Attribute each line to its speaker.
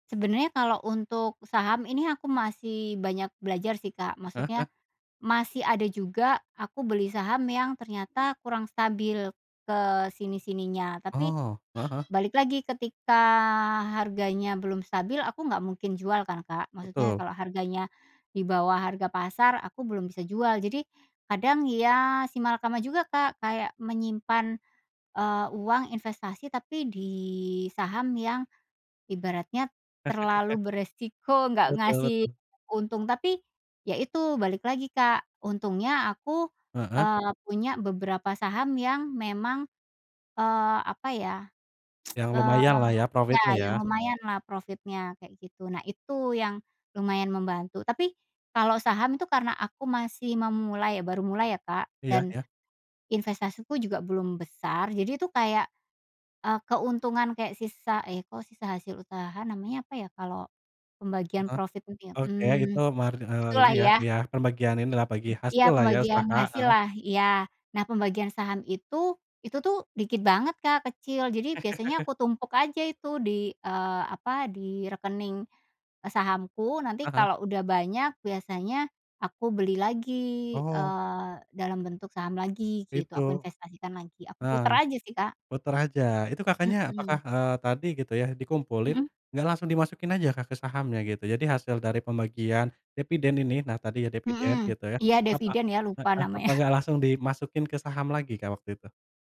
Speaker 1: Sebenarnya kalau untuk saham ini aku masih banyak belajar sih, Kak,
Speaker 2: Heeh
Speaker 1: maksudnya,
Speaker 2: heeh.
Speaker 1: masih ada juga aku beli saham yang ternyata kurang stabil ke sini-sininya tapi,
Speaker 2: Oh, heeh heeh.
Speaker 1: balik lagi ketika harganya belum stabil, aku nggak mungkin jual kan, Kak, maksudnya
Speaker 2: Betul.
Speaker 1: kalau harganya di bawah harga pasar aku belum bisa jual. Jadi kadang ya simalakama juga, Kak. Kayak menyimpan, eee, uang investasi tapi di saham yang ibaratnya terlalu beresiko, nggak
Speaker 2: Betul
Speaker 1: ngasih
Speaker 2: betul.
Speaker 1: untung, tapi ya itu balik lagi, Kak, untungnya aku,
Speaker 2: Heeh.
Speaker 1: eee, punya beberapa saham yang memang, eee, apa ya,
Speaker 2: Yang
Speaker 1: eee
Speaker 2: lumayanlah ya
Speaker 1: ya,
Speaker 2: profitnya
Speaker 1: eee,
Speaker 2: ya.
Speaker 1: yang lumayan lah profitnya kayak gitu. Nah, itu yang lumayan membantu, tapi kalau saham itu karena aku masih memulai ya, baru mulai ya, Kak,
Speaker 2: Iya
Speaker 1: dan
Speaker 2: iya.
Speaker 1: investasiku juga belum besar. Jadi itu kayak, eee, keuntungan kayak sisa eh, kok sisa hasil usaha namanya apa ya kalau pembagian
Speaker 2: Heeh.
Speaker 1: profit itu ya,
Speaker 2: Oke itu,
Speaker 1: mmm,
Speaker 2: margi eee, ini
Speaker 1: Itulah
Speaker 2: ya
Speaker 1: ya.
Speaker 2: iya, pembagian inilah bagi
Speaker 1: Iya,
Speaker 2: hasillah ya,
Speaker 1: pembagian
Speaker 2: usaha. Heeh.
Speaker 1: hasillah iya. Nah pembagian saham itu, itu tuh dikit banget, Kak, kecil. Jadi biasanya aku tumpuk aja itu di, eee, apa, di rekening, eee, sahamku nanti
Speaker 2: Heeh.
Speaker 1: kalau udah banyak biasanya aku beli lagi,
Speaker 2: Oh.
Speaker 1: eee, dalam bentuk saham lagi gitu,
Speaker 2: Itu.
Speaker 1: aku investasikan lagi. Aku
Speaker 2: Heeh.
Speaker 1: puter aja sih, Kak.
Speaker 2: Puter aja. Itu kakaknya apakah,
Speaker 1: Mmm.
Speaker 2: eee, tadi gitu ya, dikumpulin?
Speaker 1: Hmm.
Speaker 2: Nggak langsung dimasukin aja, Kak, ke sahamnya gitu, jadi hasil dari pembagian, deviden ini, nah tadi ya deviden
Speaker 1: Hmm.
Speaker 2: gitu ya,
Speaker 1: Iya
Speaker 2: apa
Speaker 1: deviden ya, lupa
Speaker 2: heeh,
Speaker 1: namanya.
Speaker 2: apa nggak langsung dimasukin ke saham lagi, Kak, waktu itu?